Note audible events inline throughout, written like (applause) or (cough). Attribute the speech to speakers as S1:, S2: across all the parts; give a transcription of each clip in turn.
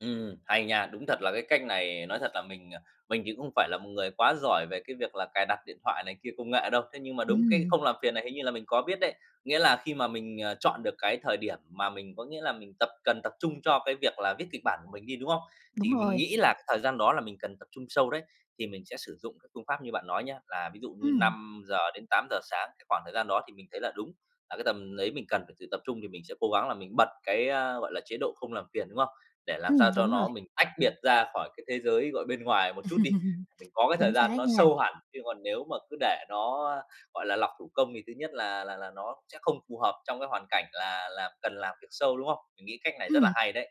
S1: Ừm, hay nha, đúng thật là cái cách này, nói thật là mình, ờ, mình thì cũng không phải là một người quá giỏi về cái việc là cài đặt điện thoại này kia, công nghệ đâu. Thế nhưng mà đúng cái
S2: Ừm.
S1: không làm phiền này hình như là mình có biết đấy, nghĩa là khi mà mình, ờ, chọn được cái thời điểm mà mình, có nghĩa là, mình tập cần tập trung cho cái việc là viết kịch bản của mình đi, đúng không?
S2: Đúng
S1: Thì mình
S2: rồi.
S1: nghĩ là cái thời gian đó là mình cần tập trung sâu đấy, thì mình sẽ sử dụng cái phương pháp như bạn nói nhá, là ví dụ như
S2: Ừm.
S1: 5:00-8:00 sáng, cái khoảng thời gian đó thì mình thấy là đúng là cái tầm đấy mình cần phải sự tập trung, thì mình sẽ cố gắng là mình bật cái, a, gọi là, chế độ không làm phiền, đúng không? Để làm
S2: Ừm,
S1: sao cho
S2: đúng rồi.
S1: nó mình tách biệt ra khỏi cái thế giới, gọi, bên ngoài một chút đi,
S2: (laughs)
S1: mình có cái thời
S2: Chính
S1: gian
S2: xác
S1: nó
S2: nha.
S1: sâu hẳn. Chứ còn nếu mà cứ để nó, á, gọi là, lọc thủ công thì thứ nhất là là là nó sẽ không phù hợp trong cái hoàn cảnh là là cần làm việc sâu, đúng không? Mình nghĩ cách này rất là
S2: Ừm.
S1: hay đấy.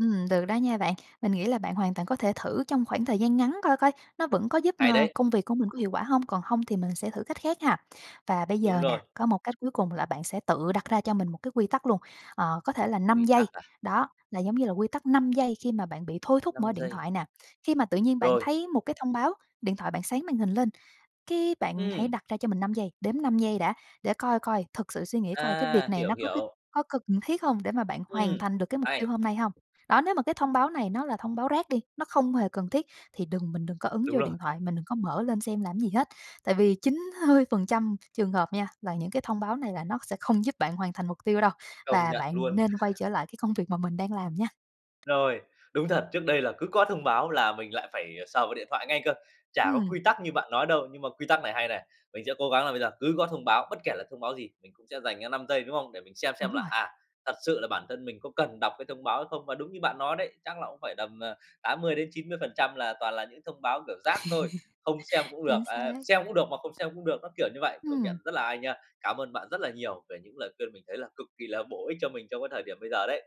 S2: Ừm, được đó nha bạn. Mình nghĩ là bạn hoàn toàn có thể thử trong khoảng thời gian ngắn coi coi, nó vẫn có giúp,
S1: Hay
S2: ờ,
S1: đấy.
S2: công việc của mình có hiệu quả hông? Còn hông thì mình sẽ thử cách khác ha. Và bây
S1: Đúng
S2: giờ nè,
S1: rồi.
S2: có một cách cuối cùng là bạn sẽ tự đặt ra cho mình một cái quy tắc luôn, ờ, có thể là 5
S1: Quy
S2: giây,
S1: tắc à?
S2: đó, là giống như là quy tắc 5 giây khi mà bạn bị thôi thúc mở
S1: 5
S2: điện
S1: giây.
S2: thoại nè. Khi mà tự nhiên bạn
S1: Rồi.
S2: thấy một cái thông báo, điện thoại bạn sáng màn hình lên, cái bạn hãy
S1: Ừm.
S2: đặt ra cho mình 5 giây, đếm 5 giây đã để coi coi, thực sự suy nghĩ coi cái việc
S1: À,
S2: này
S1: hiểu,
S2: nó có cái
S1: hiểu.
S2: có cần thiết hông để mà bạn
S1: Ừm,
S2: hoàn thành được cái mục tiêu
S1: hay.
S2: hôm nay hông? Đó, nếu mà cái thông báo này nó là thông báo rác đi, nó không hề cần thiết, thì đừng mình đừng có ấn
S1: Đúng
S2: vô
S1: rồi.
S2: điện thoại, mình đừng có mở lên xem làm gì hết. Tại vì 9 hơi phần trăm trường hợp nha, là những cái thông báo này là nó sẽ không giúp bạn hoàn thành mục tiêu đâu,
S1: Công
S2: và
S1: nhận
S2: bạn
S1: luôn.
S2: nên quay trở
S1: (laughs)
S2: lại cái công việc mà mình đang làm nha.
S1: Rồi, đúng thật, trước đây là cứ có thông báo là mình lại phải, ờ, sờ vào điện thoại ngay cơ, chả có
S2: Ừm.
S1: quy tắc như bạn nói đâu. Nhưng mà quy tắc này hay này, mình sẽ cố gắng là bây giờ cứ có thông báo, bất kể là thông báo gì, mình cũng sẽ dành ra 5 giây, đúng không? Để mình xem xem
S2: Đúng
S1: là,
S2: rồi.
S1: à, thật sự là bản thân mình có cần đọc cái thông báo không, và đúng như bạn nói đấy, chắc là cũng phải tầm, ờ, 80-90% là toàn là những thông báo, kiểu, rác thôi, không xem
S2: (laughs)
S1: cũng được,
S2: Chính
S1: à,
S2: xác.
S1: xem cũng được mà không xem cũng được, nó kiểu như vậy. Công nhận
S2: Ừm.
S1: rất là hay nha, cám ơn bạn rất là nhiều về những lời khuyên mình thấy là cực kỳ là bổ ích cho mình trong cái thời điểm bây giờ đấy.